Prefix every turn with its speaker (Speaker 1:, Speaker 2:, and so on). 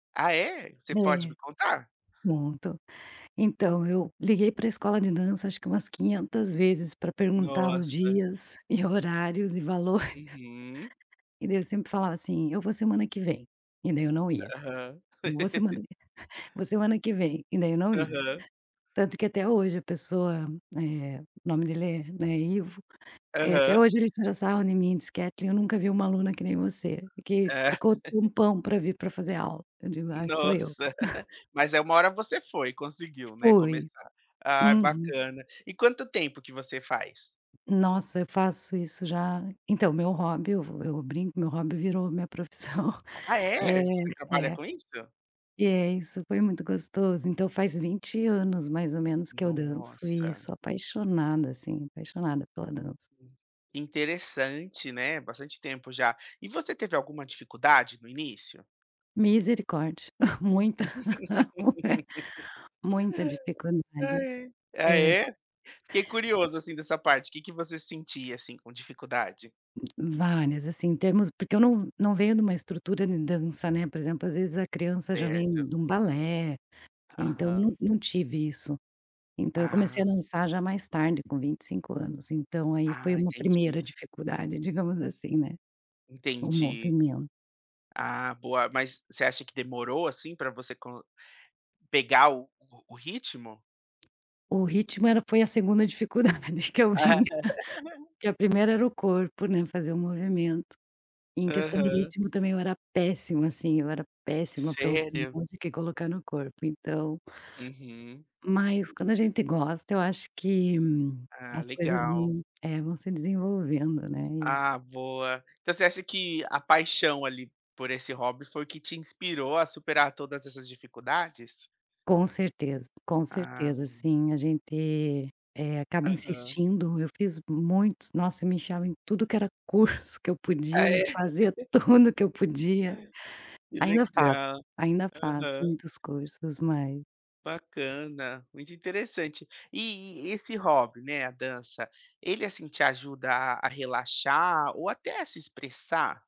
Speaker 1: Ah, é? Você pode
Speaker 2: É.
Speaker 1: me contar?
Speaker 2: Muito. Então, eu liguei para escola de dança acho que umas quinhentas vezes para perguntar os
Speaker 1: Nossa.
Speaker 2: dias, e horários e valores.
Speaker 1: Uhum.
Speaker 2: E daí eu sempre falava assim: "Eu vou semana que vem", e daí eu não ia.
Speaker 1: Aham.
Speaker 2: "Eu vou semana que vou semana que vem", e daí eu não ia.
Speaker 1: Aham.
Speaker 2: Tanto que até hoje a pessoa, eh, o nome dele é, né, Ivo, eh, até
Speaker 1: Aham.
Speaker 2: hoje ele tira sarro em mim e diz: "Katlyn, eu nunca vi uma aluna que nem você, que
Speaker 1: É.
Speaker 2: ficou tempão para vir para fazer aula", eu digo: "Ai, sou eu".
Speaker 1: Nossa. Mas é, uma hora você foi, conseguiu, né,
Speaker 2: Fui.
Speaker 1: começar. Ah,
Speaker 2: Uhum.
Speaker 1: bacana. E quanto tempo que você faz?
Speaker 2: Nossa, eu faço isso já então, meu hobby, eu vou eu brinco, meu hobby virou minha profissão
Speaker 1: Ah,
Speaker 2: É,
Speaker 1: é? Você trabalha
Speaker 2: é.
Speaker 1: com isso?
Speaker 2: E é, isso, foi muito gostoso, então faz 20 anos, mais ou menos, que eu danço e
Speaker 1: Nossa.
Speaker 2: sou apaixonada, assim, apaixonada pela dança.
Speaker 1: Que interessante, né, bastante tempo já. E você teve alguma dificuldade no início?
Speaker 2: Misericórdia. Muita, muita dificuldade.
Speaker 1: Ai, ai. Ah,
Speaker 2: É.
Speaker 1: é? Fiquei curioso, assim, dessa parte. Que que você sentia, assim, com dificuldade?
Speaker 2: Várias assim, em termos porque eu não não venho de uma estrutura de dança, né, por exemplo, às vezes a criança já vem
Speaker 1: Certo.
Speaker 2: de um balé, então não
Speaker 1: Aham.
Speaker 2: não tive isso. Então eu comecei
Speaker 1: Ah.
Speaker 2: a dançar já mais tarde, com 25 anos, então aí foi
Speaker 1: Ah,
Speaker 2: uma
Speaker 1: entendi.
Speaker 2: primeira dificuldade, digamos assim, né, o
Speaker 1: Entendi.
Speaker 2: movimento.
Speaker 1: Ah, boa. Mas você acha que demorou, assim, para você con pegar o o ritmo?
Speaker 2: O ritmo era foi a segunda dificuldade, que é o ginga, que a primeira era o corpo, né, fazer o movimento. Em questão de
Speaker 1: Aham.
Speaker 2: ritmo também, eu era péssimo assim, eu era péssima para ouvir
Speaker 1: Sério?
Speaker 2: música e colocar no corpo, então.
Speaker 1: Uhum.
Speaker 2: Mas quando a gente gosta, eu acho que
Speaker 1: Ah,
Speaker 2: as coisas
Speaker 1: legal.
Speaker 2: não é, vão se desenvolvendo, né, e
Speaker 1: Ah, boa. Então você acha que a paixão, ali, por esse hobby foi que te inspirou a superar todas essas dificuldades?
Speaker 2: Com certeza, com certeza.
Speaker 1: Ah.
Speaker 2: Assim, a gente, eh, acaba
Speaker 1: Aham.
Speaker 2: insistindo. Eu fiz muitos nossa, me enfiava em tudo que era curso que eu
Speaker 1: Ah
Speaker 2: podia, e
Speaker 1: é.
Speaker 2: fazia tudo que eu podia.
Speaker 1: Que
Speaker 2: Ainda faço,
Speaker 1: legal.
Speaker 2: ainda faço
Speaker 1: Aham.
Speaker 2: muitos cursos, mas
Speaker 1: Bacana, muito interessante. E e esse hobby, né, a dança, ele, assim, te ajuda a a relaxar, ou até a se expressar?